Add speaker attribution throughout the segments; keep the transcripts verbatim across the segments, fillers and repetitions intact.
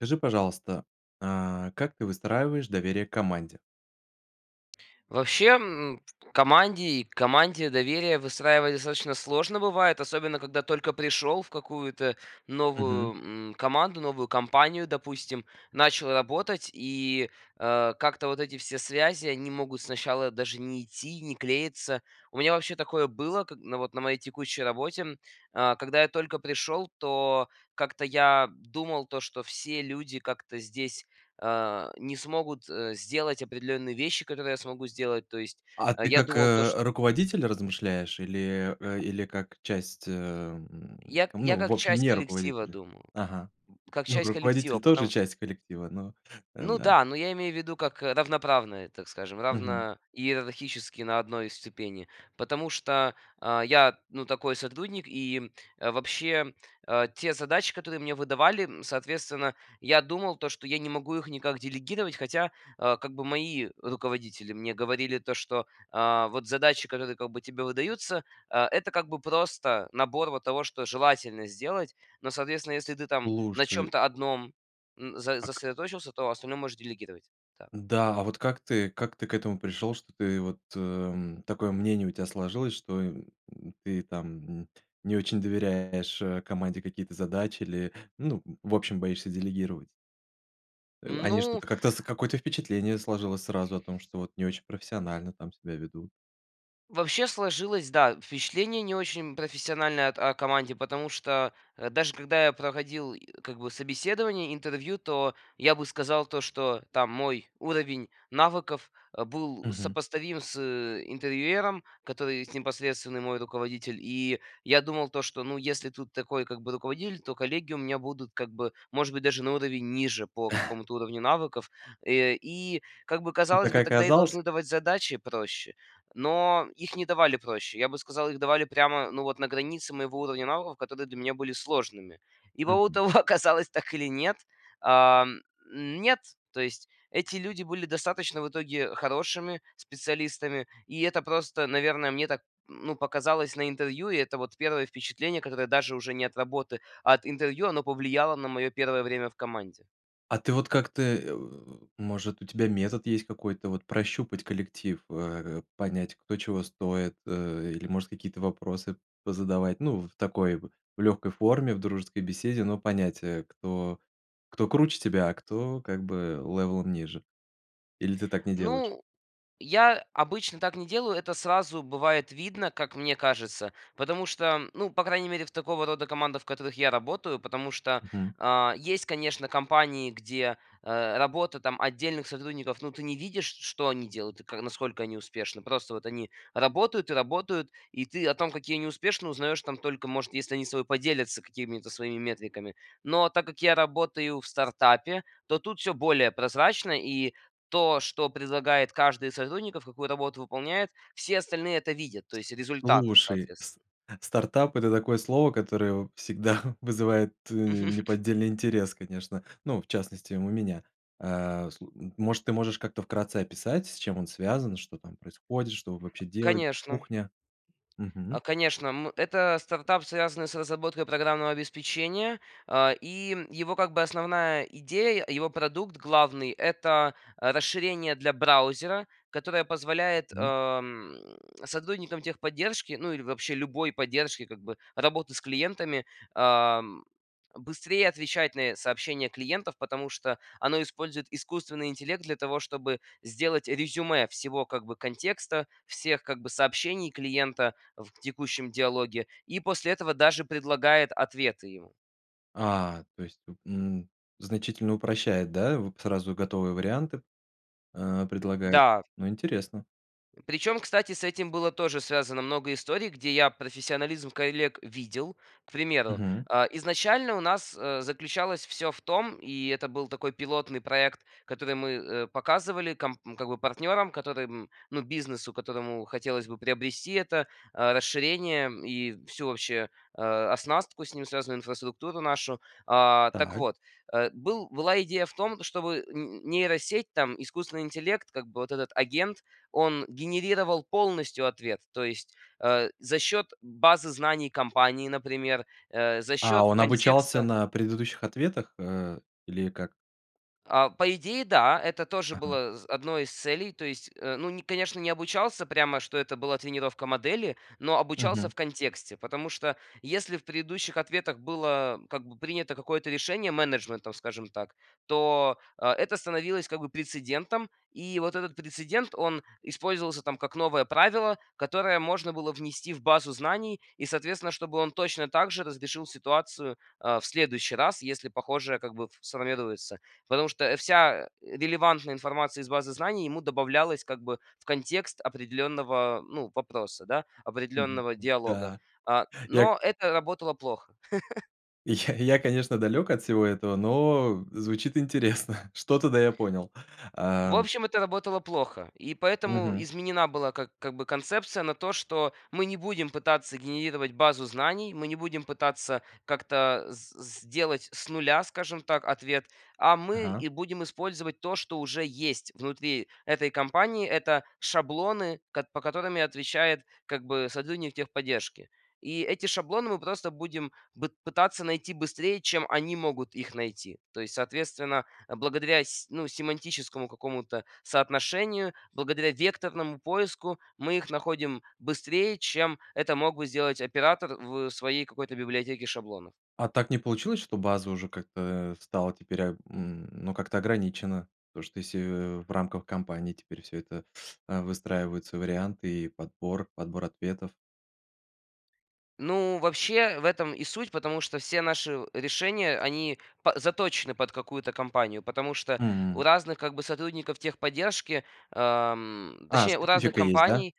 Speaker 1: Скажи, пожалуйста, а, как ты выстраиваешь доверие к команде?
Speaker 2: Вообще, м, в команде и к команде доверие выстраивать достаточно сложно бывает, особенно когда только пришел в какую-то
Speaker 1: Мгм.
Speaker 2: новую, м, команду, новую компанию, допустим. Начал работать и, э, как-то вот эти все связи, они могут сначала даже не идти и не клеиться. У меня вообще такое было как на, вот, на моей текущей работе, м. А, когда я только пришел, то как-то я думал то, что все люди как-то здесь, а, не смогут, э, сделать определенные вещи, которые я смогу сделать. То есть,
Speaker 1: А
Speaker 2: э,
Speaker 1: ты
Speaker 2: я
Speaker 1: как,
Speaker 2: думал то, чт
Speaker 1: э, руководитель размышляешь или э, или как часть, эм,
Speaker 2: Я я
Speaker 1: ну, в
Speaker 2: как
Speaker 1: общем,
Speaker 2: часть
Speaker 1: не
Speaker 2: коллектива
Speaker 1: руководителя?
Speaker 2: думал,
Speaker 1: Ага.
Speaker 2: как
Speaker 1: Ну,
Speaker 2: часть коллектива,
Speaker 1: руководитель тоже
Speaker 2: потому
Speaker 1: часть коллектива, но, э,
Speaker 2: Ну
Speaker 1: да.
Speaker 2: да, но я имею в виду, как, э, равноправная, так скажем,
Speaker 1: Мгм.
Speaker 2: равно иерархически на одной ступени, потому что, а, я, ну, такой сотрудник, и, э, вообще, э, те задачи, которые мне выдавали, м, соответственно, я думал то, что я не могу их никак делегировать. Хотя, а, как бы, мои руководители мне говорили то, что, а, вот, задачи, которые как бы тебе выдаются, а, это, как бы, просто набор, вот, того, что желательно сделать, но, соответственно, если ты, там, на
Speaker 1: Слушай.
Speaker 2: чем-то одном, м, за
Speaker 1: А ка
Speaker 2: сосредоточился, то остальное можешь делегировать. Так.
Speaker 1: Да, а вот как ты как ты к этому пришел, что ты вот, эм, такое мнение у тебя сложилось, что, м, ты там не очень доверяешь, э, команде какие-то задачи или, ну, в общем, боишься делегировать? Э, они
Speaker 2: Ну
Speaker 1: что-то как-то какое-то впечатление сложилось сразу о том, что, вот, не очень профессионально там себя ведут.
Speaker 2: Вообще сложилось, да, впечатление не очень профессиональное от о команде, потому что, э, даже когда я проходил, э, как бы, собеседование, интервью, то я бы сказал то, что, там, мой уровень навыков, э, был
Speaker 1: Мгм.
Speaker 2: сопоставим с интервьюером, который непосредственный мой руководитель. И я думал то, что, ну, если тут такой, как бы, руководитель, то коллеги у меня будут, как бы, может быть, даже на уровень ниже по какому-то уровню навыков. Э, и, как бы,
Speaker 1: И
Speaker 2: казалось
Speaker 1: так и
Speaker 2: бы, тогда и
Speaker 1: оказалось?
Speaker 2: должны давать задачи проще, но их не давали проще. Я бы сказал, их давали прямо, ну вот, на границе моего уровня навыков, которые для меня были сложными. И по
Speaker 1: Мгм.
Speaker 2: итогу оказалось так или нет? А, м, нет. То есть эти люди были достаточно в итоге хорошими специалистами, и это просто, наверное, мне так, ну, показалось на интервью. И это вот первое впечатление, которое, даже уже нет работы, а от интервью, оно повлияло на мое первое время в команде.
Speaker 1: А ты вот как-то, э, о, может, у тебя метод есть какой-то, вот, прощупать коллектив, в э, понять, кто чего стоит, э, или, может, какие-то вопросы позадавать, ну, в такой, в легкой форме, в дружеской беседе, но понять, э, кто кто круче тебя, а кто, как бы, левелом ниже, или ты так не делаешь?
Speaker 2: Ну, я обычно так не делаю, это сразу, бывает, видно, как мне кажется, потому что, ну, по крайней мере, в такого рода командах, в которых я работаю, потому что,
Speaker 1: Мгм.
Speaker 2: а, есть, конечно, компании, где, э, работа, там, отдельных сотрудников, но ты не видишь, ш что они делают и к насколько они успешны. Просто вот они работают и работают, и ты о том, какие они успешные, узнаешь, там, только, может, если они с тобой поделятся какими-то своими метриками. Но так как я работаю в стартапе, то тут всё более прозрачно, и то, что предлагает каждый из сотрудников, какую работу выполняет, все остальные это видят, то есть результаты
Speaker 1: Слушай,
Speaker 2: соответственно.
Speaker 1: с стартап- это такое слово, которое в всегда вызывает, э,
Speaker 2: Мгм.
Speaker 1: неподдельный интерес, конечно. Ну, в частности, у меня. А, слу м может, ты можешь как-то вкратце описать, с чем он связан, что там происходит, что вы вообще делаете,
Speaker 2: Конечно.
Speaker 1: кухня? Мгм.
Speaker 2: А, конечно, м, это стартап, связанный с разработкой программного обеспечения, а, и его как бы основная идея, его продукт главный- это, а, расширение для браузера, которое позволяет,
Speaker 1: М.
Speaker 2: ам, сотрудникам техподдержки, ну или вообще любой поддержки, как бы работы с клиентами, ам, быстрее отвечать на сообщения клиентов, потому что оно использует искусственный интеллект для того, чтобы сделать резюме всего, как бы контекста, всех, как бы сообщений клиента в текущем диалоге, и после этого даже предлагает ответы ему.
Speaker 1: А, то есть, м, значительно упрощает, да, вот сразу готовые варианты, э, предлагает?
Speaker 2: Да.
Speaker 1: Ну интересно.
Speaker 2: Причем, кстати, с этим было тоже связано много историй, где я профессионализм коллег видел. К примеру,
Speaker 1: Мгм.
Speaker 2: а, изначально у нас, э, заключалось всё в том, и это был такой пилотный проект, который мы, э, показывали ком как бы партнерам, которым, ну, бизнесу, которому хотелось бы приобрести это, а, расширение, и всю вообще, а, оснастку, с ним связанную инфраструктуру нашу. А, так
Speaker 1: Так.
Speaker 2: вот, э, был была идея в том, чтобы н нейросеть, там искусственный интеллект, как бы вот этот агент, он генерировал полностью ответ, то есть, э, за счет базы знаний компании, например, э, за
Speaker 1: А
Speaker 2: счет
Speaker 1: он обучался
Speaker 2: контекста.
Speaker 1: на предыдущих ответах, э, или как?
Speaker 2: А, по идее, да, это тоже
Speaker 1: Ага.
Speaker 2: было з одной из целей. То есть, э, ну не, конечно, не обучался прямо, что это была тренировка модели, но обучался
Speaker 1: Мгм.
Speaker 2: в контексте. Потому что если в предыдущих ответах было как бы принято какое-то решение менеджментом, скажем так, то, э, это становилось как бы прецедентом. И вот этот прецедент- он использовался там, как новое правило, которое можно было внести в базу знаний и, соответственно, чтобы он точно так же разрешил ситуацию, а, в следующий раз, если похожее, как бы, ф сформируется. Потому что вся, э, релевантная информация из базы знаний ему добавлялась как бы в контекст определенного, ну, вопроса, да,
Speaker 1: Мгм.
Speaker 2: определенного диалога.
Speaker 1: Да.
Speaker 2: А,
Speaker 1: Я к
Speaker 2: но это работало плохо.
Speaker 1: Я я, конечно, далек от всего этого, но звучит интересно. Что-то, да, я понял.
Speaker 2: В
Speaker 1: А
Speaker 2: общем, это работало плохо, и поэтому
Speaker 1: Мгм.
Speaker 2: изменена была как как бы концепция на то, что мы не будем пытаться генерировать базу знаний, мы не будем пытаться как-то с с сделать с нуля, скажем так, ответ, а мы
Speaker 1: Ага.
Speaker 2: и будем использовать то, что уже есть внутри этой компании. Это шаблоны, ко по которым и отвечает, как бы, сотрудник техподдержки. И эти шаблоны мы просто будем б пытаться найти быстрее, чем они могут их найти. То есть, соответственно, благодаря с ну, семантическому какому-то соотношению, благодаря векторному поиску, мы их находим быстрее, чем это мог бы сделать оператор в своей какой-то библиотеке шаблонов.
Speaker 1: А так не получилось, что база уже как-то стала теперь, м, ну как-то ограничена? То что если в рамках кампании теперь всё это, а, выстраиваются варианты и подбор подбор ответов.
Speaker 2: Ну, вообще в этом и суть, потому что все наши решения, они па заточены под какую-то компанию. Потому что у
Speaker 1: М.
Speaker 2: разных как бы сотрудников техподдержки, ам,
Speaker 1: А,
Speaker 2: точнее, у разных
Speaker 1: специфика есть, да?
Speaker 2: компаний,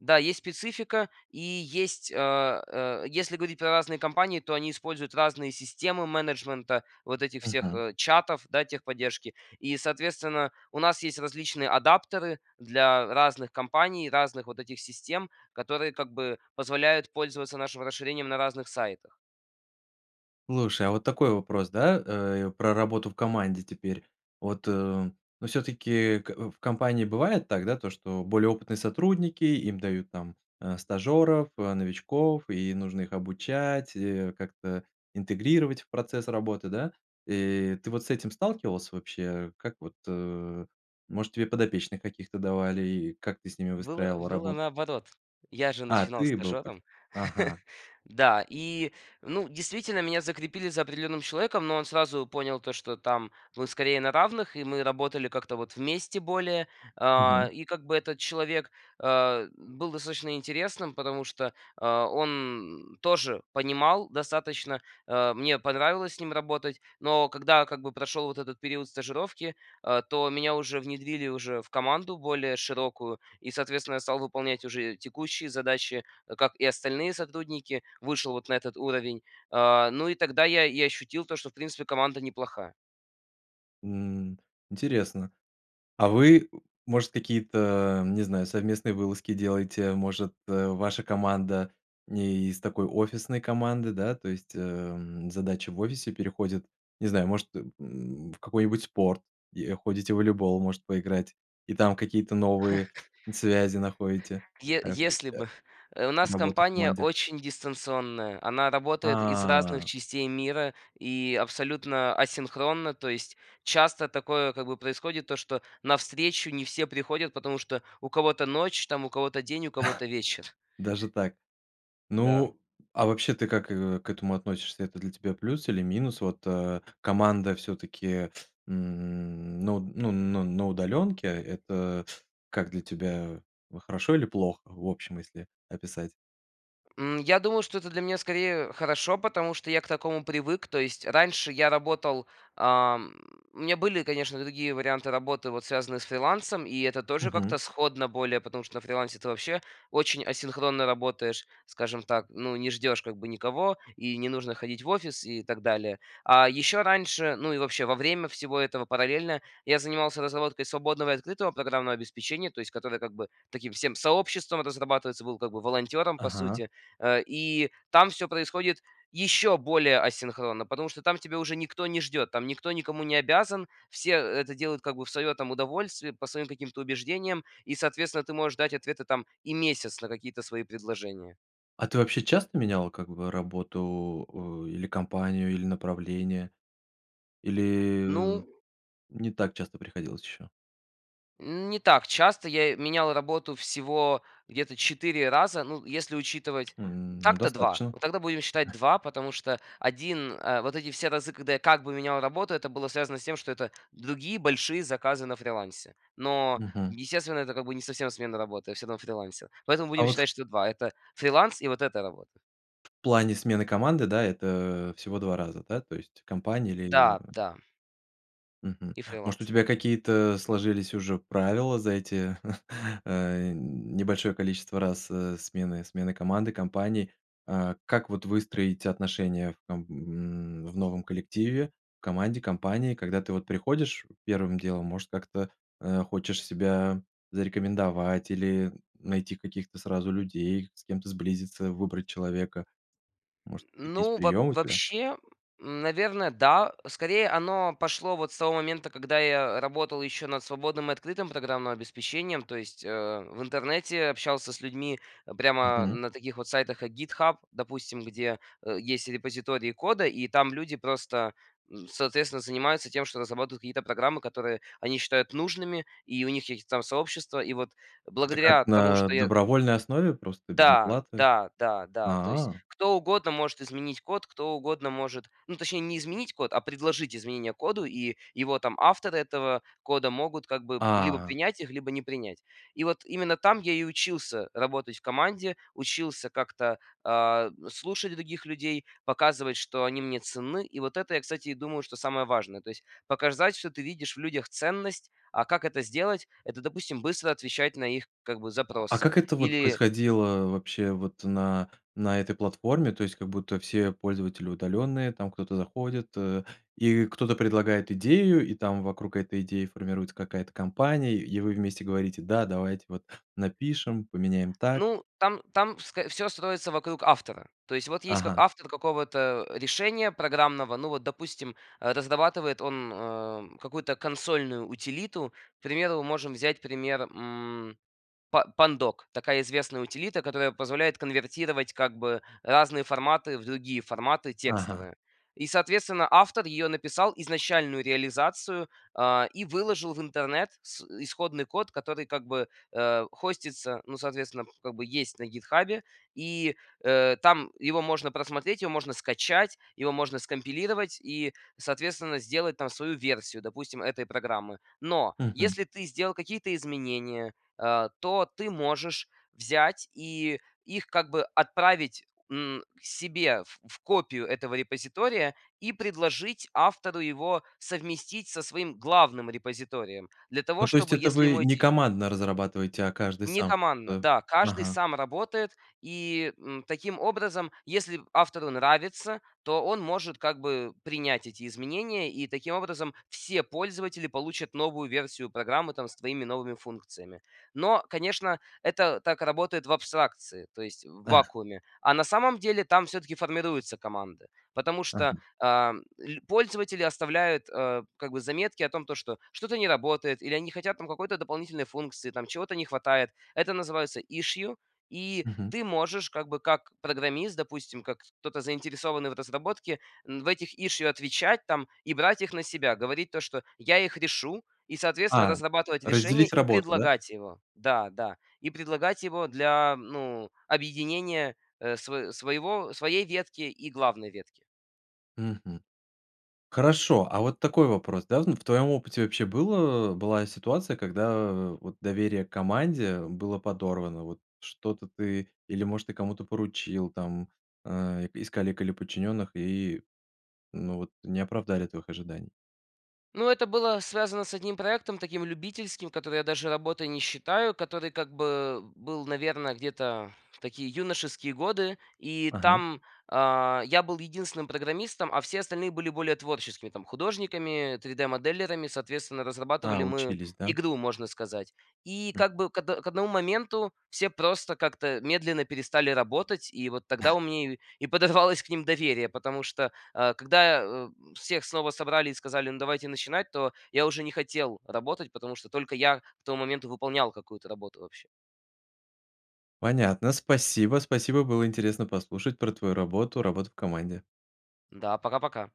Speaker 2: да, есть специфика, и есть, а, а, если говорить про разные компании, то они используют разные системы менеджмента вот этих всех,
Speaker 1: Мгм.
Speaker 2: э, чатов, да, техподдержки. И, соответственно, у нас есть различные адаптеры для разных компаний, разных вот этих систем, которые как бы позволяют пользоваться нашим расширением на разных сайтах.
Speaker 1: Слушай, а вот такой вопрос, да, э, про работу в команде теперь. Вот, э, ну всё-таки к в компании бывает так, да, то что более опытные сотрудники, им дают там, э, стажеров, э, новичков, и нужно их обучать, э, как-то интегрировать в процесс работы, да. И ты вот с этим сталкивался вообще? Как вот, э, может тебе подопечных каких-то давали? И как ты с ними
Speaker 2: Было
Speaker 1: выстраивал
Speaker 2: было
Speaker 1: работу?
Speaker 2: наоборот. Я же
Speaker 1: А,
Speaker 2: начинал
Speaker 1: ты был пыть
Speaker 2: стажером.
Speaker 1: Ага.
Speaker 2: Да, и, ну, действительно, меня закрепили за определенным человеком, но он сразу понял, то что там мы скорее на равных, и мы работали как-то вот вместе более. А,
Speaker 1: Мгм.
Speaker 2: и как бы этот человек, а, был достаточно интересным, потому что, а, он тоже понимал достаточно, э, мне понравилось с ним работать. Но когда, как бы, прошел вот этот период стажировки, э, то меня уже внедрили уже в команду более широкую и, соответственно, я стал выполнять уже текущие задачи, как и остальные сотрудники, вышел вот на этот уровень. А, ну и тогда я и ощутил, то что, в принципе, команда неплохая.
Speaker 1: М. Интересно. А вы, может, какие-то, не знаю, совместные вылазки делаете? Может, э, ваша команда не из такой офисной команды, да? То есть, эм, задача в офисе переходит, не знаю, может, э, м, в какой-нибудь спорт и, э, ходите в волейбол может поиграть, и там какие-то новые связи находите,
Speaker 2: Е
Speaker 1: э, и,
Speaker 2: если
Speaker 1: э,
Speaker 2: бы. Э, у нас
Speaker 1: работы в
Speaker 2: компания
Speaker 1: команде?
Speaker 2: очень дистанционная, она работает из разных
Speaker 1: А.
Speaker 2: частей мира, и абсолютно асинхронна. То есть часто такое, как бы, происходит то, что на встречу не все приходят, потому что у кого-то ночь там, у кого-то день, у кого-то вечер.
Speaker 1: Даже так.
Speaker 2: Да.
Speaker 1: Ну, а вообще ты как, э, к этому относишься- это для тебя плюс или минус? Вот, э, команда всё-таки, м, на уд ну ну, на удаленке. Это как для тебя, хорошо или плохо, в общем если описать?
Speaker 2: М, я думаю, что это для меня скорее хорошо, потому что я к такому привык. То есть, раньше я работал, ам, у меня были конечно другие варианты работы, вот связанные с фрилансом, и это тоже как-то
Speaker 1: Мгм.
Speaker 2: сходно более, потому что на фрилансе ты вообще очень асинхронно работаешь, скажем так. Ну, не ждешь, как бы, никого, и не нужно ходить в офис, и так далее. А еще раньше, ну и вообще во время всего этого параллельно, я занимался разработкой свободного и открытого программного обеспечения, то есть которое, как бы, таким всем сообществом разрабатывается, был как бы волонтером по
Speaker 1: Ага.
Speaker 2: сути. Э, и там всё происходит еще более асинхронно, потому что там тебя уже никто не ждет, там никто никому не обязан, все это делают как бы в свое там удовольствие, по своим каким-то убеждениям и, соответственно, ты можешь ждать ответы там и месяц на какие-то свои предложения.
Speaker 1: А ты вообще часто менял, как бы, работу, э, или компанию, или направление, или
Speaker 2: Ну
Speaker 1: в не так часто приходилось еще?
Speaker 2: Не так часто. Я э менял работу всего где-то четыре раза, ну, если учитывать,
Speaker 1: М, ну
Speaker 2: так-то два.
Speaker 1: достаточно.
Speaker 2: Вот тогда будем считать два, потому что один, э, вот эти все разы, когда я как бы менял работу, это было связано с тем, что это другие большие заказы на фрилансе. Но,
Speaker 1: Мгм.
Speaker 2: естественно, это как бы не совсем смена работы, я всё равно фрилансил. Поэтому
Speaker 1: А
Speaker 2: будем
Speaker 1: вот
Speaker 2: считать, что два- это фриланс, и вот эта работа.
Speaker 1: В плане смены команды, да, это всего два раза, да, то есть компании или
Speaker 2: Да, да.
Speaker 1: Мгм.
Speaker 2: И
Speaker 1: Может у
Speaker 2: фриланс.
Speaker 1: тебя какие-то сложились уже правила за эти, э, небольшое количество раз, э, смены смены команды, компаний? А как вот выстроить отношения там, м, в новом коллективе, команде, компании, когда ты вот приходишь первым делом, может как-то, э, хочешь себя зарекомендовать, или найти каких-то сразу людей, с кем-то сблизиться, выбрать человека? Может какие-то есть
Speaker 2: Ну, во
Speaker 1: приемы у тебя?
Speaker 2: вообще, наверно, да. Скорее оно пошло вот с того момента, когда я работал еще над свободным и открытым программным обеспечением, то есть, э, в интернете общался с людьми прямо
Speaker 1: Мгм.
Speaker 2: на таких вот сайтах, как "Гитхаб", допустим. Где, э, есть репозитории кода, и там люди просто, н соответственно, занимаются тем, что разрабатывают какие-то программы, которые они считают нужными, и у них какие-то там сообщества. И вот
Speaker 1: Это как,
Speaker 2: благодаря тому,
Speaker 1: на
Speaker 2: что я
Speaker 1: добровольной основе просто, без
Speaker 2: Да,
Speaker 1: оплаты?
Speaker 2: да, да, да. То есть,
Speaker 1: А.
Speaker 2: кто угодно может изменить код, кто угодно может, ну точнее, не изменить код, а предложить изменения коду, и его там авторы, этого кода, могут как бы либо
Speaker 1: А.
Speaker 2: принять их, либо не принять. И вот именно там я и учился работать в команде, учился как-то, а, слушать других людей, показывать, что они мне ценны. И вот это, я, кстати, и думаю, что самое важное. То есть показать, что ты видишь в людях ценность. А как это сделать- это, допустим, быстро отвечать на их, как бы,
Speaker 1: А
Speaker 2: запросы,
Speaker 1: как это вот
Speaker 2: или
Speaker 1: происходило вообще вот на на этой платформе? То есть как будто все пользователи удаленные, там кто-то заходит, э, и кто-то предлагает идею, и там вокруг этой идеи формируется какая-то компания и и вы вместе говорите: "Да, давайте вот напишем, поменяем так."
Speaker 2: Ну там там ск всё строится вокруг автора. То есть, вот есть к
Speaker 1: Ага.
Speaker 2: автор какого-то решения программного. Ну, вот, допустим, э, разрабатывает он, э, какую-то консольную утилиту. К примеру, можем взять пример, м, па Pandoc- такая известная утилита, которая позволяет конвертировать как бы разные форматы в другие форматы
Speaker 1: Ага.
Speaker 2: текстовые. И, соответственно, автор ее написал изначальную реализацию, а, и выложил в интернет с исходный код, который, как бы, э, хостится, ну, соответственно, как бы есть на "Гитхабе". И, э, там его можно просмотреть, его можно скачать, его можно скомпилировать и, соответственно, сделать там свою версию, допустим, этой программы. Но,
Speaker 1: Мгм.
Speaker 2: если ты сделал какие-то изменения, а, то ты можешь взять и их как бы отправить, м, себе в в копию этого репозитория, и предложить автору его совместить со своим главным репозиторием для того,
Speaker 1: Ну то есть
Speaker 2: чтобы,
Speaker 1: это
Speaker 2: если
Speaker 1: вы
Speaker 2: ему
Speaker 1: не
Speaker 2: эти
Speaker 1: командно разрабатываете, а каждый
Speaker 2: Не
Speaker 1: сам?
Speaker 2: командно.
Speaker 1: То
Speaker 2: Да, каждый
Speaker 1: Ага.
Speaker 2: сам работает, и, м, таким образом, если автору нравится, то он может как бы принять эти изменения, и, таким образом, все пользователи получат новую версию программы, там, с твоими новыми функциями. Но, конечно, это так работает в абстракции, то есть в
Speaker 1: А.
Speaker 2: вакууме. А на самом деле, там всё-таки формируются команды, потому что,
Speaker 1: Ага.
Speaker 2: а, ль пользователи оставляют, э, как бы заметки о том, то что что-то не работает, или они не хотят там какой-то дополнительной функции, там чего-то не хватает. Это называется issue. И
Speaker 1: Мгм.
Speaker 2: ты можешь, как бы, как программист, допустим, как кто-то заинтересованный в разработке, м, в этих issue отвечать там и брать их на себя. Говорить то, что "Я их решу", и, соответственно,
Speaker 1: А,
Speaker 2: разрабатывать решение
Speaker 1: разделить
Speaker 2: и
Speaker 1: работу, да?
Speaker 2: предлагать его. Да, да. И предлагать его для, ну, объединения, э, сво своего своей ветки и главной ветки.
Speaker 1: Мгм. Хорошо, а вот такой вопрос, да: ну в твоем опыте вообще было была ситуация, когда вот доверие к команде было подорвано? Вот что-то ты, или может ты кому-то поручил там, а, из коллег или подчиненных и, ну, вот не оправдали твоих ожиданий?
Speaker 2: Ну это было связано с одним проектом, таким любительским, который я даже работой не считаю, который, как бы, был, наверно, где-то в такие юношеские годы, и
Speaker 1: Ага.
Speaker 2: там, а, я был единственным программистом, а все остальные были более творческими, там художниками три дэ-моделерами. Соответственно,
Speaker 1: А,
Speaker 2: разрабатывали мы
Speaker 1: учились, да.
Speaker 2: игру, можно сказать. И,
Speaker 1: Хм.
Speaker 2: как бы, к од к одному моменту все просто как-то медленно перестали работать. И вот тогда у меня и и подорвалось к ним доверие, потому что, э, когда, э, всех снова собрали и сказали: "Ну, давайте начинать", то я уже не хотел работать, потому что только я к тому моменту выполнял какую-то работу вообще.
Speaker 1: Понятно, спасибо, спасибо. Было интересно послушать про твою работу, работу в команде.
Speaker 2: Да, пока-пока.